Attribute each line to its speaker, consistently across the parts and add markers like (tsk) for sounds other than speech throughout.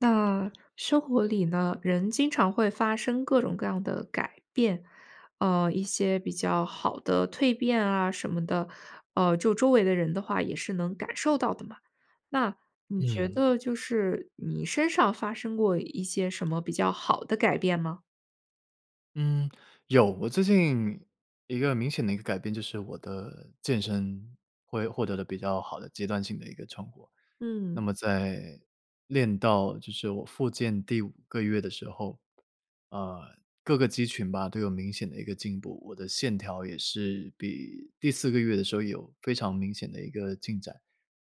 Speaker 1: 那生活里呢，人经常会发生各种各样的改变，呃，一些比较好的蜕变啊什么的，呃，就周围的人的话，也是能感受到的嘛。那你觉
Speaker 2: 嗯。
Speaker 1: 得就是，你身上发生过一些什么比较好的改变吗？
Speaker 2: 嗯，有。我最近一个明显的一个改变，就是我的健身，会获得了比较好的阶段性的一个成果。那
Speaker 1: 嗯。
Speaker 2: 么在练到就是我复健第5个月的时候，呃，各个肌群吧，都有明显的一个进步，我的线条也是比第4个月的时候，有非常明显的一个进展，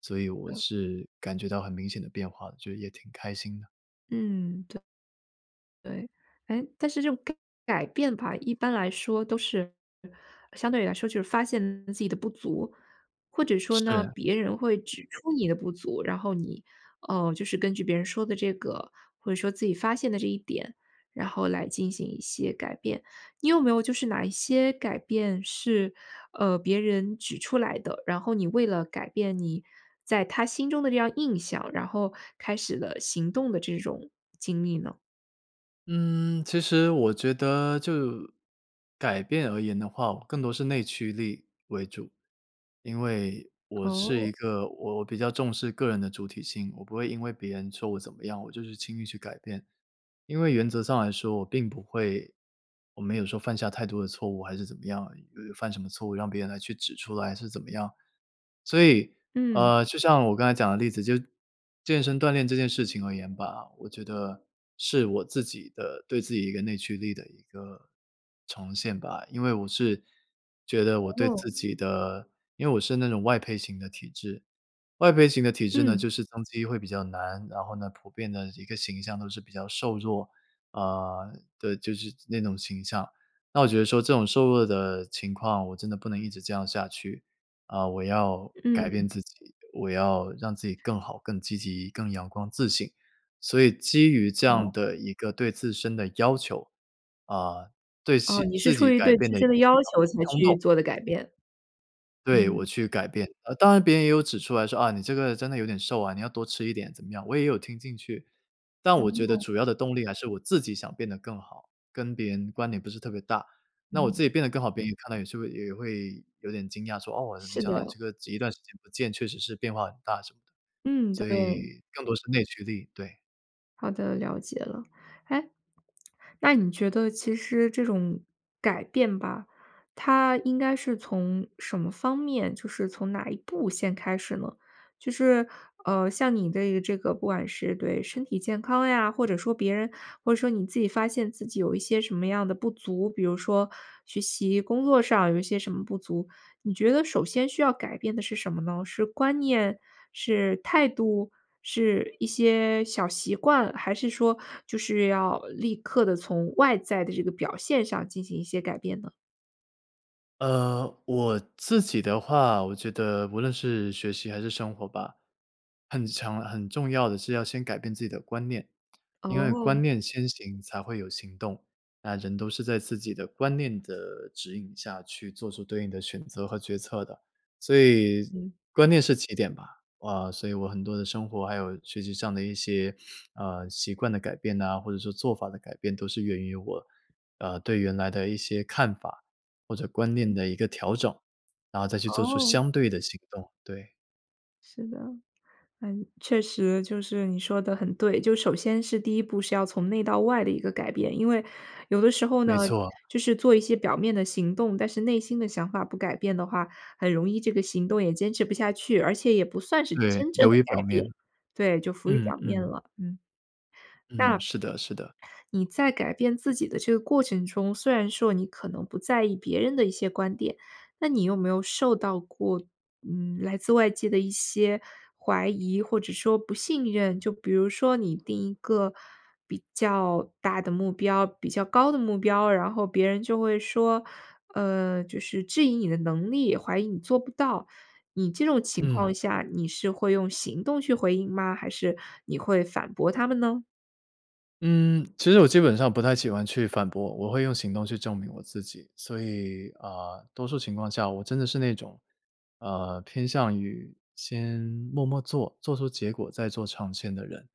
Speaker 2: 所以我是感觉到很明显的变化的，就是也挺开心的。
Speaker 1: 嗯，对。对。哎，但是这种改改变吧，一般来说都是呃，相对于来说，就是发现自己的不足，或者说呢，
Speaker 2: 是。
Speaker 1: 别人会指出你的不足，然后你，呃，就是根据别人说的这个，或者说自己发现的这一点，然后来进行一些改变。你有没有就是哪一些改变是，呃，别人指出来的，然后你为了改变你在他心中的这样印象，然后开始了行动的这种经历呢？
Speaker 2: 嗯，其实我觉得就改变而言的话，我更多是内驱力为主。因为我是一
Speaker 1: 哦。
Speaker 2: 个我我比较重视个人的主体性，我不会因为别人说我怎么样，我就是轻易去改变。因为原则上来说，我并不会我没有说犯下太多的错误，还是怎么样呃，犯什么错误让别人来去指出来，还是怎么样。所以，
Speaker 1: 嗯。
Speaker 2: 呃，就像我刚才讲的例子，就健身锻炼这件事情而言吧，我觉得是我自己的对自己一个内驱力的一个重现吧。因为我是觉得我对
Speaker 1: 哦。
Speaker 2: 自己的因为我是那种外配型的体质，外配型的体质呢，
Speaker 1: 嗯。
Speaker 2: 就是增肌会比较难，然后呢，普遍的一个形象都是比较瘦弱。呃，对，就是那种形象，那我觉得说这种瘦弱的情况，我真的不能一直这样下去，啊，我要改
Speaker 1: 嗯。
Speaker 2: 变自己，我要让自己更好、更积极、更阳光自信。所以基于这样
Speaker 1: 哦。
Speaker 2: 的一个对自身的要求，啊，对
Speaker 1: 哦，
Speaker 2: 期
Speaker 1: 你是
Speaker 2: 自
Speaker 1: 出
Speaker 2: 己
Speaker 1: 于
Speaker 2: 改
Speaker 1: 对
Speaker 2: 变
Speaker 1: 自
Speaker 2: 的
Speaker 1: 身的要求，
Speaker 2: (unintelligible)
Speaker 1: 才
Speaker 2: 冲
Speaker 1: 去
Speaker 2: 动
Speaker 1: 做的改变，
Speaker 2: 对，我
Speaker 1: 嗯。
Speaker 2: 去改变。当然别人也有指出来说：“啊，你这个真的有点瘦啊，你要多吃一点。”怎么样，我也有听进去。但我觉得
Speaker 1: 哦。
Speaker 2: 主要的动力，还是我自己想变得更好，跟别人关联不是特别大，那我
Speaker 1: 嗯。
Speaker 2: 自己变得更好，别人也看到也是会也会有点惊讶，说：“哦，没
Speaker 1: 是
Speaker 2: 想
Speaker 1: 的。
Speaker 2: 到你这个一段时间不见，确实是变化很大。”什么的，
Speaker 1: 嗯，
Speaker 2: 所
Speaker 1: 对
Speaker 2: 以
Speaker 1: 哦。
Speaker 2: 更多是内驱力，对。
Speaker 1: 好的，了解了。诶，那你觉得其实这种，改变吧，它应该是从什么方面，就是从哪一步先开始呢？就是呃，像你对这个不管是对身体健康呀，或者说别人，或者说你自己发现自己有一些什么样的不足，比如说学习、工作上有一些什么不足，你觉得首先需要改变的是什么呢？是观念、是态度、是一些小习惯，还是说就是要立刻地从外在的这个表现上进行一些改变呢？
Speaker 2: 呃，我自己的话，我觉得无论是学习还是生活吧，很强、很重要的是要先改变自己的观念，因为观
Speaker 1: 哦。
Speaker 2: 念先行才会有行动。那人都是在自己的观念的指引下去做出对应的选择和决策的。所以，
Speaker 1: 嗯。
Speaker 2: 观念是起点吧。啊，所以我很多的生活还有学习上的一些，(sniffs) 呃，习惯的改变呐，或者说做法的改变都是源于我，呃，对原来的一些看法，或者观
Speaker 1: 嗯。
Speaker 2: 念的一个调整，然后再去做出
Speaker 1: 哦。
Speaker 2: 相对的行动，对。
Speaker 1: 是的。呃，确实就是你说得很对。就首先是第一步是要从内到外的一个改变。因为，有的时候呢，
Speaker 2: 没错。
Speaker 1: 就是做一些表面的行动，但是内心的想法不改变的话，很容易这个行动也坚持不下去，而且也不算是
Speaker 2: 对，
Speaker 1: 真正的
Speaker 2: 流于表
Speaker 1: 改变。
Speaker 2: 面，
Speaker 1: 对，就浮于
Speaker 2: 嗯，
Speaker 1: 表面
Speaker 2: 嗯。
Speaker 1: 了，嗯。那，
Speaker 2: 嗯，是的是的。
Speaker 1: 你在改变自己的这个过程中，虽然说你可能不在意别人的一些观点，那你有没有受到过，嗯，来自外界的一些怀疑或者说不信任？就比如说你定一个比较大的目标、比较高的目标，然后别人就会说呃，就是质疑你的能力，怀疑你做不到。你这种情
Speaker 2: 嗯。
Speaker 1: 况下，你是会用行动去回应吗，还是你会反驳他们呢？
Speaker 2: 嗯，其实我基本上不太喜欢去反驳，我会用行动去证明我自己。所以，呃，多数情况下我真的是那种，呃，偏向于，先默默做，做出结果再做长线的人。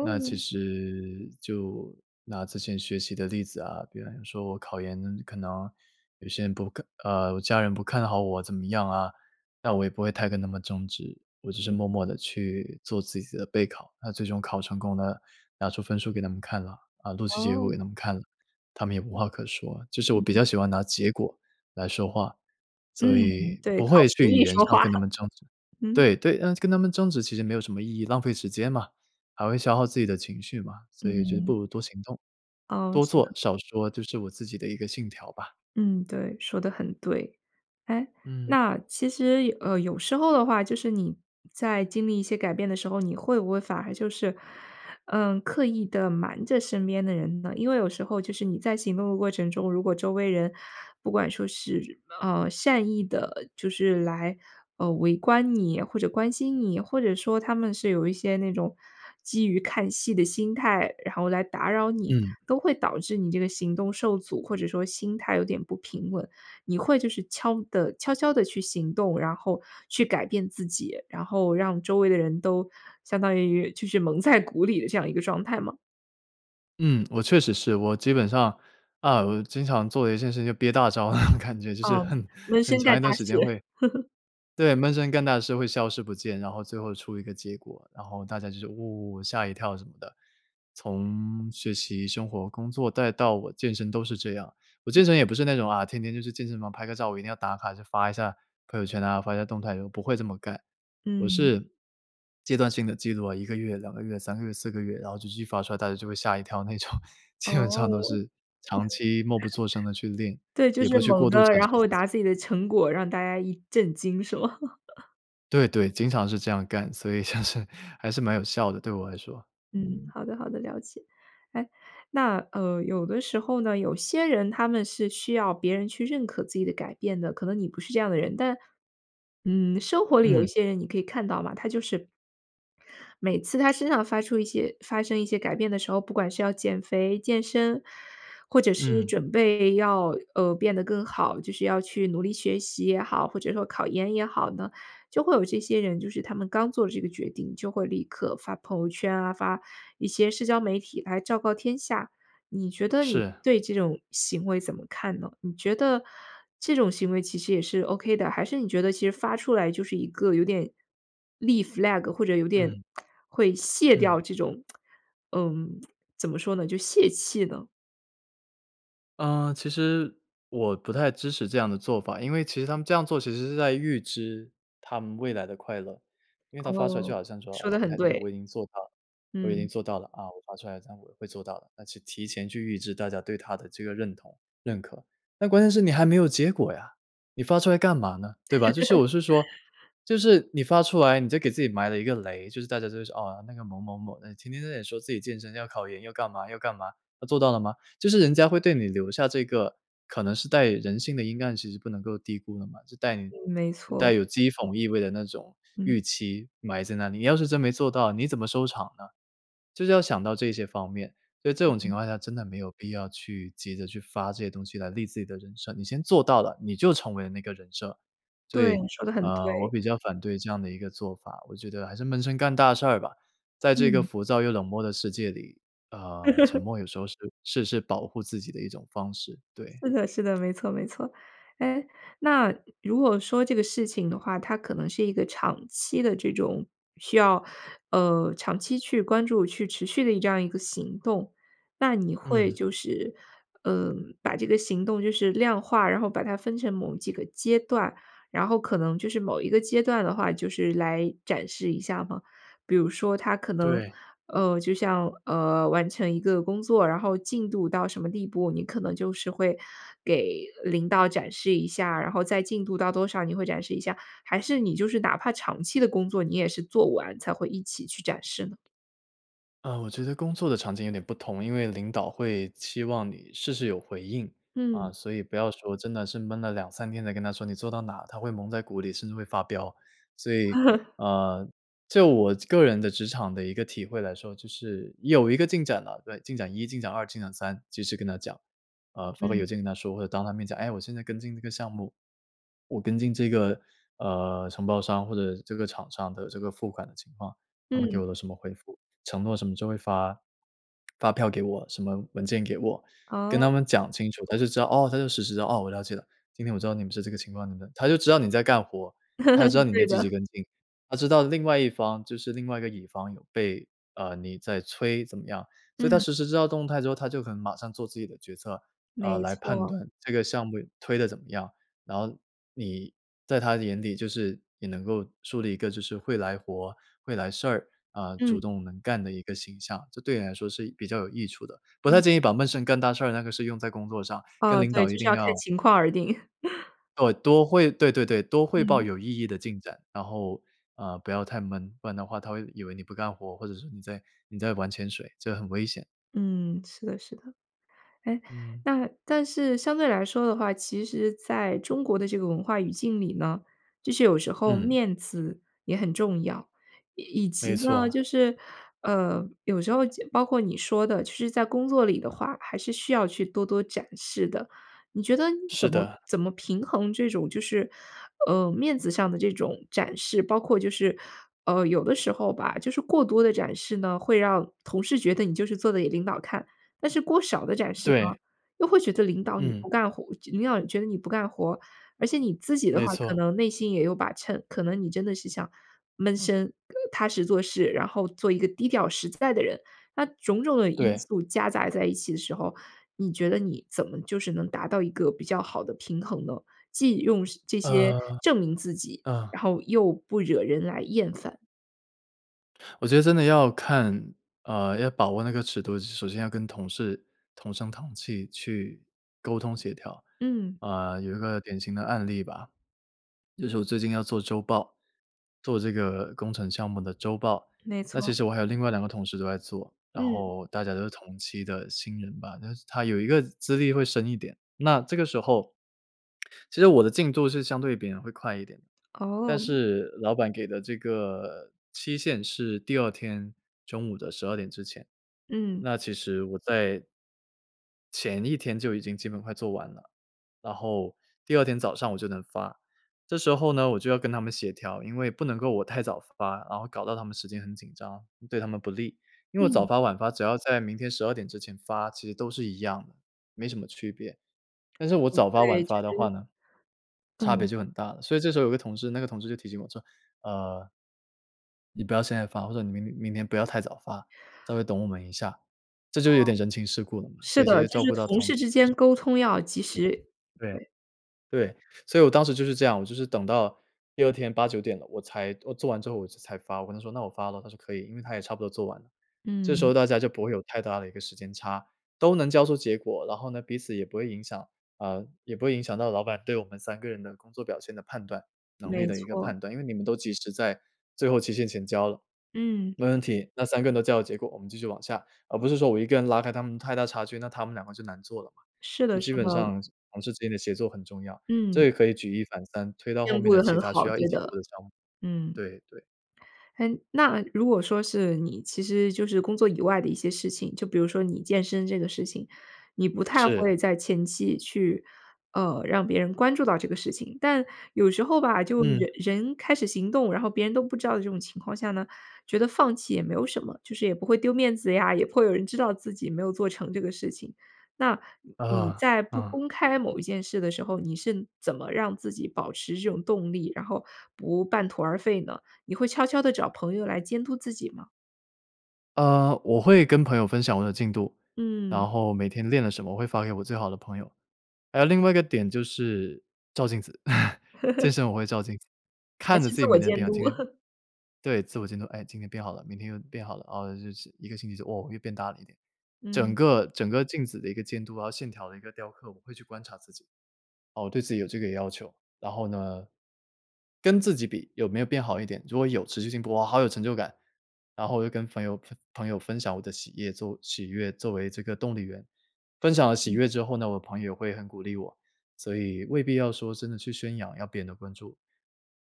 Speaker 2: 那其实，就拿之前学习的例子啊，比如说我考研，可能有些人不看呃，我家人不看好我怎么样啊，那我也不会太跟他们争执，我只是默默地去做自己的备考。那最终考成功了，拿出分数给他们看了啊，啊，录取结果
Speaker 1: 哦。
Speaker 2: 给他们看了，他们也无话可说。就是我
Speaker 1: 嗯
Speaker 2: 比
Speaker 1: 嗯。
Speaker 2: 较喜欢拿结果，来说话，
Speaker 1: 嗯，
Speaker 2: 所以
Speaker 1: 对，
Speaker 2: 不
Speaker 1: 靠
Speaker 2: 会
Speaker 1: 实
Speaker 2: 去语
Speaker 1: 力
Speaker 2: 言
Speaker 1: 说
Speaker 2: 上
Speaker 1: 话。
Speaker 2: 跟他
Speaker 1: (chuckles)
Speaker 2: 们争执。
Speaker 1: 嗯。
Speaker 2: 对对，呃，跟他们争执其实没有什么意义，浪费时间嘛，还会消耗自己的情绪嘛，所以就不
Speaker 1: 嗯。
Speaker 2: 如多行动。
Speaker 1: 哦，
Speaker 2: 多
Speaker 1: 是
Speaker 2: 做、
Speaker 1: 的。
Speaker 2: 少说，这是我自己的一个信条吧。
Speaker 1: 嗯，对，说得很对。诶，
Speaker 2: 嗯。
Speaker 1: 那其实呃，有时候的话，就是你在经历一些改变的时候，你会不会反而就是，嗯，刻意地瞒着身边的人呢？因为有时候就是你在行动的过程中，如果周围人不管说是，呃，善意地，就是，来，呃，围观你或者关心你，或者说他们是有一些那种基于看戏的心态，然后来打扰你，
Speaker 2: 嗯。
Speaker 1: 都会导致你这个行动受阻，或者说心态有点不平稳。你会就是悄地悄悄地去行动，然后去改变自己，然后让周围的人都相当于就是蒙在鼓里的这样一个状态吗？
Speaker 2: 嗯，我确实是。我基本上啊，我就经常做的一件事情就憋大招。(chuckles) 感觉就是
Speaker 1: 嗯，
Speaker 2: 很
Speaker 1: 闷
Speaker 2: 很
Speaker 1: 声
Speaker 2: 长
Speaker 1: 干
Speaker 2: 一
Speaker 1: 大
Speaker 2: 段时
Speaker 1: 事。
Speaker 2: 间会
Speaker 1: (chuckles)
Speaker 2: 对，闷声干大事会消失不见，然后最后出一个结果，然后大家就说：“哇，吓一跳。“什么的。从学习、生活、工作再到我健身都是这样。我健身也不是那种啊，天天就去健身房拍个照，我一定要打卡就发一下，朋友圈啊、发一下动态，我不会这么干。我
Speaker 1: 嗯。
Speaker 2: 是，阶段性地记录啊，1个月、2个月、3个月、4个月，然后就继续发出来大家就会吓一跳那种。
Speaker 1: 哦。
Speaker 2: 基本上都
Speaker 1: (chuckles)
Speaker 2: 是长期默不作声地去练，
Speaker 1: 对，就
Speaker 2: 也
Speaker 1: 是
Speaker 2: 不去
Speaker 1: 猛
Speaker 2: 过度
Speaker 1: 地，
Speaker 2: 展
Speaker 1: 然
Speaker 2: 示
Speaker 1: 后
Speaker 2: 自己。
Speaker 1: 拿自己的成果，让大家一震惊是吗？(chuckles)
Speaker 2: 对对，经常是这样干，所以就是还是蛮有效的，对我来说，
Speaker 1: 嗯，
Speaker 2: 嗯。
Speaker 1: 好的好的，了解。诶，那，呃，有的时候呢，有些人他们是需要别人去认可自己的改变的，可能你不是这样的人。但嗯，生活里有一
Speaker 2: 嗯。
Speaker 1: 些人你可以看到嘛，他就是每次他身上发出一些发生一些改变的时候，不管是要减肥、健身，或者是
Speaker 2: 嗯。
Speaker 1: 准备要，呃，变得更好，就是要去努力学习也好，或者说考研也好呢，就会有这些人，就是他们刚做了这个决定就会立刻发朋友圈啊，发一些社交媒体来昭告天下。你觉得你
Speaker 2: 是。
Speaker 1: 对这种行为怎么看呢？你觉得这种行为其实也是 OK 的，还是你觉得其实发出来就是一个有点，立 flag，或者有点，
Speaker 2: 嗯。
Speaker 1: 会泄掉
Speaker 2: 嗯。
Speaker 1: 这种 (tsk) 嗯 (tsk) 怎么说呢，就泄气呢。
Speaker 2: 呃，其实，我不太支持这样的做法。因为其实他们这样做，其实是在预支他们未来的快乐。因为他发出来就
Speaker 1: 哦，
Speaker 2: 好像说：“哦，
Speaker 1: 说得
Speaker 2: 前
Speaker 1: 很
Speaker 2: 台这些
Speaker 1: 对。
Speaker 2: 我已经做到了，我已经
Speaker 1: 嗯。
Speaker 2: 做到了啊，我发出来这样我会做到的。“那就提前去预支大家对他的这个认同、认可。但关键是你还没有结果呀，你发出来干嘛呢？对吧？就是我是说
Speaker 1: (laughs)
Speaker 2: 就是你发出来你就给自己埋了一个雷。就是大家都说：“哦，那个某某某，哎，天天说自己健身，要考研要干嘛要干嘛，他做到了吗？”就是人家会对你留下这个可能是带人性的阴暗其实不能够低估的嘛，就带你
Speaker 1: 嗯，没错。
Speaker 2: 带有讥讽意味的那种，
Speaker 1: 嗯。
Speaker 2: 预期埋在那里。你要是真没做到，你怎么收场呢？就是要想到这些方面。所以这种情
Speaker 1: 嗯。
Speaker 2: 况下真的没有必要去急着去发这些东西来立自己的人设，你先做到了，你就成为了那个人设。所
Speaker 1: 对，
Speaker 2: 以，
Speaker 1: 你说得很
Speaker 2: 呃，我
Speaker 1: 对。
Speaker 2: 比较反对这样的一个做法，我觉得还是闷声干大事儿吧。在这个
Speaker 1: 嗯。
Speaker 2: 浮躁又冷漠的世界里，呃，沉
Speaker 1: (laughs)
Speaker 2: 默有时候是是是保护自己的一种方式，对。
Speaker 1: 是的是的，没错没错。诶，那如果说这个事情的话，它可能是一个长期的这种需要呃，长期去关注、去持续的这样的一个行动。那你会
Speaker 2: 嗯。
Speaker 1: 就是，呃，把这个行动就是量化然后把它分成某几个阶段，然后可能就是某一个阶段的话就是来展示一下吗？比如说它可能
Speaker 2: 对。
Speaker 1: 呃，就像，呃，完成一个工作，然后进度到什么地步，你可能就是会，给领导展示一下，然后再进度到多少，你会展示一下？还是你就是哪怕长期的工作，你也是做完才会一起去展示呢？
Speaker 2: 呃，我觉得工作的场景有点不同，因为领导会期望你事事有回应。啊，
Speaker 1: 嗯。
Speaker 2: 所以不要说真的是闷了2-3天才跟他说你做到哪，他会蒙在鼓里，甚至会发飙。所以，
Speaker 1: (chuckles)
Speaker 2: 呃，就我这个人的职场的一个体会来说，就是，你有一个进展了对，进展1、进展2、进展3，及时跟他讲。呃，发个
Speaker 1: 嗯。
Speaker 2: 邮件跟他说，或者当他面讲：“诶，我现在跟进这个项目，我跟进这个，呃，承包商或者这个厂商的这个付款的情况，他们给
Speaker 1: 嗯。
Speaker 2: 我了什么回复，承诺什么就会发发票给我，什么文件给我。“跟他
Speaker 1: 哦。
Speaker 2: 们讲清楚，他就知道：“哦。”他就实时地：“哦，我了解了，今天我知道你们是这个情况，你们”他就知道你在干活儿，他就知道
Speaker 1: (chuckles)
Speaker 2: 你在
Speaker 1: 对
Speaker 2: 积
Speaker 1: 的。
Speaker 2: 极跟进，他知道另外一方就是另外一个乙方有被呃，你在催怎么样。所以他
Speaker 1: 嗯。
Speaker 2: 实时知道动态之后，他就可能马上做自己的决策，呃，
Speaker 1: 没
Speaker 2: 来判
Speaker 1: 错。
Speaker 2: 断这个项目推得怎么样。然后你，在他的眼里就是也能够树立一个就是会来活、会来事儿，啊，主
Speaker 1: 嗯。
Speaker 2: 动能干的一个形象。这对你来说是比较有益处的，不太
Speaker 1: 嗯。
Speaker 2: 建议把闷声干大事儿那个事用在工作上，
Speaker 1: 哦，
Speaker 2: 跟领
Speaker 1: 对，
Speaker 2: 导一
Speaker 1: 就是
Speaker 2: 定
Speaker 1: 要看
Speaker 2: 要
Speaker 1: 情况而定。(chuckles)
Speaker 2: 哦，多汇对对对，多汇报
Speaker 1: 嗯。
Speaker 2: 有意义的进展。然后，呃，不要太闷，不然的话他会以为你不干活儿，或者说你在你在玩潜水，这很危险。
Speaker 1: 嗯，是的是的。诶，
Speaker 2: 嗯。
Speaker 1: 那但是相对来说的话，其实在中国的这个文化语境里呢，就是有时候
Speaker 2: 嗯。
Speaker 1: 面子也很重要。以及
Speaker 2: 没
Speaker 1: 呢，
Speaker 2: 错。
Speaker 1: 就是呃，有时候就包括你说的，其实在工作里的话，还是需要去多多展示的。你觉得你
Speaker 2: 是
Speaker 1: 怎么
Speaker 2: 的。
Speaker 1: 怎么平衡这种就是，呃，面子上的这种展示，包括就是呃，有的时候吧，就是过多地展示呢，会让同事觉得你就是做得给领导看。但是过少地展示呢，
Speaker 2: 对。
Speaker 1: 又会觉得领导你
Speaker 2: 嗯。
Speaker 1: 不干活领导觉得你不干活。而且你自己的话
Speaker 2: 没
Speaker 1: 可
Speaker 2: 错。
Speaker 1: 能内心也有把秤，可能你真的是想闷声、踏实做事，然后做一个低调实在的人。那种种的因
Speaker 2: 对。
Speaker 1: 素夹杂在一起的时候，你觉得你怎么就是能达到一个比较好的平衡呢？既用这些
Speaker 2: 呃，
Speaker 1: 证明自己，
Speaker 2: 嗯。
Speaker 1: 然后又不惹人来厌烦。
Speaker 2: 我觉得真的要看呃，要把握那个尺度，首先要跟同事同声同气去，沟通协调。
Speaker 1: 嗯。
Speaker 2: 呃，有一个典型的案例吧，就是我最近要做周报做这个工程项目的周报。
Speaker 1: 没
Speaker 2: 那其
Speaker 1: 错。
Speaker 2: 实我还有另外2个同事都在做，然
Speaker 1: 嗯。
Speaker 2: 后大家都是同期的新人吧。但是他有一个资历会深一点，那这个时候其实我的进度是相对别人会快一点的。但
Speaker 1: 哦。
Speaker 2: 是老板给的这个期限是第2天中午的12点之前。
Speaker 1: 嗯。
Speaker 2: 那其实我在前一天就已经基本快做完了，然后第2天早上我就能发。这时候呢我就要跟他们协调，因为不能够我太早发，然后搞到他们时间很紧张，对他们不利。因为早
Speaker 1: 嗯。
Speaker 2: 发晚发只要在明天12点之前发，其实都是一样的，没什么区别。但是我
Speaker 1: 哦，
Speaker 2: 早发晚
Speaker 1: 对，就
Speaker 2: 发的话
Speaker 1: 是
Speaker 2: 呢，差别
Speaker 1: 嗯。
Speaker 2: 就很大了。所以这时候有个同事，那个同事就提醒我说，呃“你不要现在发，或者你明明天不要太早发，稍微等我们一下。”这
Speaker 1: 哦，
Speaker 2: 就有点人情世故了嘛，
Speaker 1: 是
Speaker 2: 所以直
Speaker 1: 的，
Speaker 2: 接
Speaker 1: 就
Speaker 2: 照
Speaker 1: 是
Speaker 2: 顾到
Speaker 1: 同
Speaker 2: 同
Speaker 1: 事
Speaker 2: 事。
Speaker 1: 之间沟通要及时。
Speaker 2: 嗯，
Speaker 1: 对。
Speaker 2: 对，对。所以我当时就是这样，我就是等到第2天8-9点了，我才我做完之后我就才发。我跟他说：“那我发了。”他说：“可以。”因为他也差不多做完了。这时
Speaker 1: 嗯。
Speaker 2: 候大家就不会有太大的一个时间差，都能交出结果。然后呢，彼此也不会影响呃，也不会影响到老板对我们3个人的工作表现的判断、能力
Speaker 1: 没
Speaker 2: 的一个
Speaker 1: 错。
Speaker 2: 判断。因为你们都及时在，最后期限前交了。
Speaker 1: 嗯。
Speaker 2: 没问题，那3个人都交了结果，我们继续往下。而不是说我一个人拉开他们太大差距，那他们2个就难做了嘛。
Speaker 1: 是
Speaker 2: 就
Speaker 1: 的是
Speaker 2: 基本
Speaker 1: 的。
Speaker 2: 上是同事之间的协作很重要，
Speaker 1: 嗯。
Speaker 2: 这也可以举一反三，推到后
Speaker 1: 兼
Speaker 2: 面
Speaker 1: 顾
Speaker 2: 的
Speaker 1: 得
Speaker 2: 其
Speaker 1: 很
Speaker 2: 它需
Speaker 1: 好，
Speaker 2: 要一
Speaker 1: 觉
Speaker 2: 起做
Speaker 1: 得，
Speaker 2: 的项目。
Speaker 1: 嗯。
Speaker 2: 对，对。
Speaker 1: 诶，那如果说是你其实就是工作以外的一些事情，就比如说你健身这个事情，你不太
Speaker 2: 是。
Speaker 1: 会在前期去呃，让别人关注到这个事情。但有时候吧，就
Speaker 2: 嗯。
Speaker 1: 人人开始行动，然后别人都不知道这种情况下呢，觉得放弃也没有什么。就是也不会丢面子呀，也不会有人知道自己没有做成这个事情。那你你
Speaker 2: 啊。
Speaker 1: 在不
Speaker 2: 啊。
Speaker 1: 公开某一件事的时候，你是怎么让自己保持这种动力，然后不半途而废呢？你会悄悄地找朋友来监督自己吗？
Speaker 2: 呃，我会跟朋友分享我的进度，
Speaker 1: 嗯。
Speaker 2: 然后每天练了什么，我会发给我最好的朋友。还有另外一个点，就是照镜子，(laughs) 健
Speaker 1: (chuckles)
Speaker 2: 身我会照镜子，
Speaker 1: 还
Speaker 2: 看着
Speaker 1: 是
Speaker 2: 自
Speaker 1: 自
Speaker 2: 己每
Speaker 1: 我
Speaker 2: 天的
Speaker 1: 监
Speaker 2: 变化，
Speaker 1: 督。
Speaker 2: 今天
Speaker 1: (laughs)
Speaker 2: 对，自我监督。哎，今天变好了，明天又变好了，哦，就是1个星期就哦，又变大了一点。整
Speaker 1: 嗯。
Speaker 2: 个整个镜子的一个监督啊，线条的一个雕刻，我会去观察自己。哦，对自己有这个要求。然后呢，跟自己比，有没有变好一点。如果有，持续性哇，好有成就感。然后我就跟朋友朋朋友分享我的喜业作喜悦作为这个动力源。分享了喜
Speaker 1: 嗯。
Speaker 2: 悦之后呢，我朋友也会很鼓励我，所以未必要说，真的去宣扬，要别人的关注。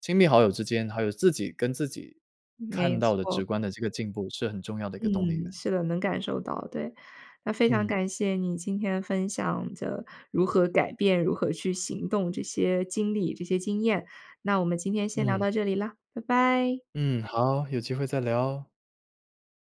Speaker 2: 亲密好友之间，还有自己跟自己，
Speaker 1: 没
Speaker 2: 看到的
Speaker 1: 错。
Speaker 2: 直观的这个进步，是很重要的一个动力
Speaker 1: 嗯，
Speaker 2: 源。
Speaker 1: 是的，能感受到，对。那非常
Speaker 2: 嗯。
Speaker 1: 感谢你今天分享的如何改变、如何去行动这些经历、这些经验，那我们今天先聊
Speaker 2: 嗯。
Speaker 1: 到这里啦，拜拜。
Speaker 2: 嗯，好，有机会再聊。